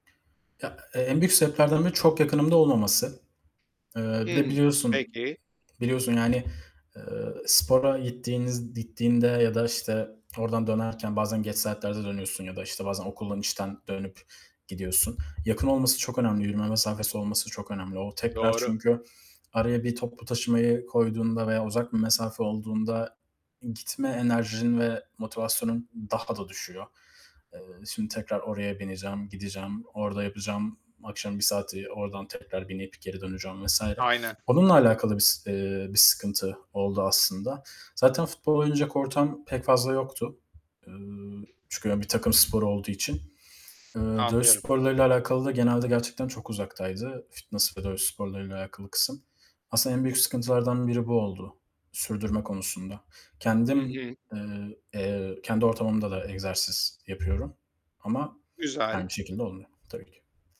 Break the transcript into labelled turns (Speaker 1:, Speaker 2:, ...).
Speaker 1: Ya, e en büyük sebeplerden biri çok yakınımda olmaması. Eee, bir de
Speaker 2: Hımm,
Speaker 1: biliyorsun,
Speaker 2: peki.
Speaker 1: biliyorsun yani, eee, spora gittiğiniz gittiğinde ya da işte oradan dönerken bazen geç saatlerde dönüyorsun ya da işte bazen okuldan, işten dönüp gidiyorsun. Yakın olması çok önemli, yürüme mesafesi olması çok önemli. O tekrar
Speaker 2: Doğru.
Speaker 1: çünkü araya bir toplu taşımayı koyduğunda veya uzak bir mesafe olduğunda gitme enerjin ve motivasyonun daha da düşüyor. Eee, şimdi tekrar oraya bineceğim, gideceğim, orada yapacağım, akşam 1 saati ordan tekrar binip geri döneceğim vs.
Speaker 2: Aynen.
Speaker 1: Onunla alakalı bir eee, bir sıkıntı oldu aslında. Zaten futbol oynayacak ortam pek fazla yoktu, ııı, çünkü hani bir takım sporu olduğu için. Imm, dövüş
Speaker 2: Anlıyorum.
Speaker 1: sporlarıyla alakalı da genelde gerçekten çok uzaktaydı, fitness ve dövüş sporlarıyla alakalı kısım. Aslında en büyük sıkıntılardan biri bu oldu, sürdürme konusunda.
Speaker 2: Hı
Speaker 1: Kendim,
Speaker 2: hı.
Speaker 1: eee, kendi ortamımda da egzersiz yapıyorum ama
Speaker 2: Güzel.
Speaker 1: aynı şekilde olmuyor tabii ki.